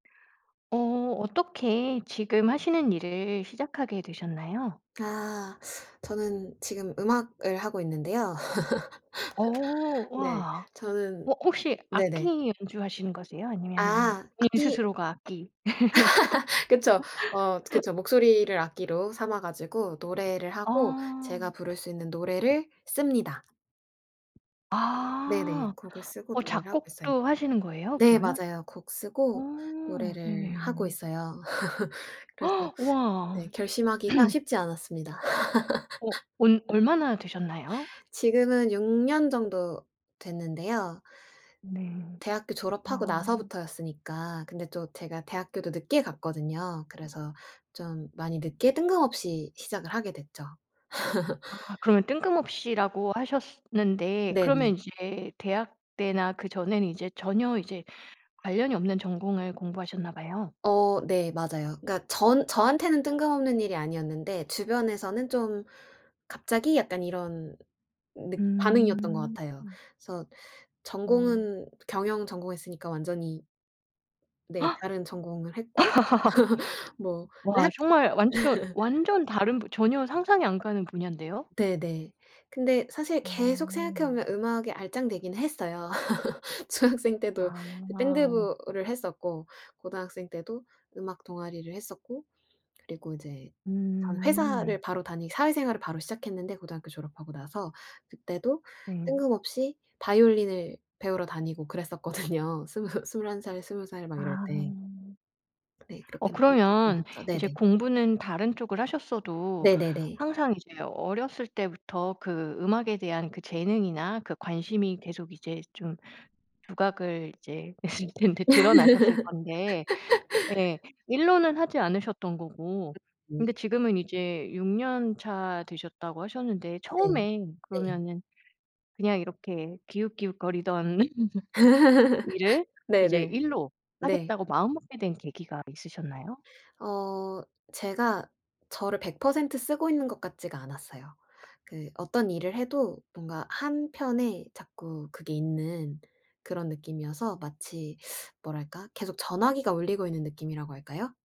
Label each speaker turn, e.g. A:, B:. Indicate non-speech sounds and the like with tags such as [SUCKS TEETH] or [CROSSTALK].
A: 어 어떻게 지금 하시는 일을 시작하게 되셨나요?
B: 아 [SUCKS TEETH] 저는 지금 음악을 하고 있는데요.
A: 어
B: [LAUGHS] 네,
A: 와.
B: 저는
A: 뭐 혹시 악기
B: 네네.
A: 연주하시는 거세요? 아니면은
B: 아.
A: 본인
B: 악기
A: 스스로가 악기?
B: [LAUGHS] 그쵸. 어 저
A: [LAUGHS]
B: 그쵸. 목소리를 악기로 삼아 가지고 노래를 하고 제가
A: 아.
B: 부를 수 있는 노래를 씁니다. 네네.
A: 아.
B: 곡을 쓰고
A: 어
B: 노래를 하고 있어요.
A: 작곡도 하시는 거예요,
B: 네
A: 그러면?
B: 맞아요. 곡 쓰고
A: 오.
B: 노래를 하고
A: 네네.
B: 있어요. [LAUGHS] 그래서
A: [GASPS] 와.
B: 네 결심하기가
A: [CLEARS THROAT]
B: 쉽지 않았습니다. [LAUGHS]
A: 어 온 얼마나 되셨나요?
B: 지금은 6 년 정도 됐는데요.
A: 네.
B: 대학교 졸업하고
A: 아.
B: 나서부터였으니까. 근데 또 제가 대학교도 늦게 갔거든요. 그래서 좀 많이 늦게 뜬금없이 시작을 하게 됐죠. [LAUGHS]
A: 아 그러면 "뜬금없이"라고 하셨스 는데 그러면
B: 네네.
A: 이제 대학 때나 그 전에는 이제 전혀 이제 관련이 없는 전공을 공부하셨나 봐요.
B: 어 네. 맞아요. 그러니까 전 저한테는 뜬금없는 일이 아니었는데 주변에서는 좀 "갑자기?" 약간 이런 늑 반응이었던 것
A: 음.
B: 같아요. 그래서
A: 음.
B: 전공은 경영 전공했으니까 완전히 네, 다른 전공을 했고 [LAUGHS] 뭐.
A: [GASPS] [LAUGHS]
B: 그런데
A: 와
B: 학
A: 정말 완전
B: [LAUGHS]
A: 완전 다른 전혀 상상이 안 가는 분야인데요.
B: 네네. 근데 사실 계속 생각해
A: 어.
B: 보면 음악에 알짱대긴 했어요. [LAUGHS] 중학생 때도
A: 아.
B: 밴드부를 했었고 고등학생 때도 음악 동아리를 했었고 그리고 이제 전 회사를
A: 음.
B: 바로 다니 사회생활을 바로 시작했는데, 고등학교 졸업하고 나서. 그때도
A: 네.
B: 뜬금없이 바이올린을 배우러 다니고 그랬었거든요. 스무 21 살, 20 살 막 이럴
A: 아.
B: 때. 네,
A: 어
B: 그렇게 [UNINTELLIGIBLE]
A: 그러면
B: 했죠.
A: 이제
B: 네네.
A: 공부는 다른 쪽을 하셨어도
B: 네네네.
A: 항상 이제 어렸을 때부터 그 음악에 대한 그 재능이나 그 관심이 계속 이제 좀 부각을 이제 했을 텐데. 드러나셨을 건데,
B: [LAUGHS]
A: 네. 일로는 하지 않으셨던 거고.
B: 음
A: 근데
B: 네.
A: 지금은 이제 6 년차 되셨다고 하셨는데
B: 네.
A: 처음에
B: 네.
A: 그러면은 그냥 이렇게 기웃기웃거리던 [LAUGHS] 일을
B: [LAUGHS]
A: 이제
B: 네네.
A: 일로
B: 네.
A: 하겠다고 마음먹게 된 계기가 있으셨나요?
B: 어 제가 저를 100% 쓰고 있는 것 같지가 않았어요. 그 어떤 일을 해도 뭔가 한편에 자꾸 그게 있는 그런 느낌이어서 마치 [SUCKS TEETH] 뭐랄까? 계속 전화기가 울리고 있는 느낌이라고 할까요?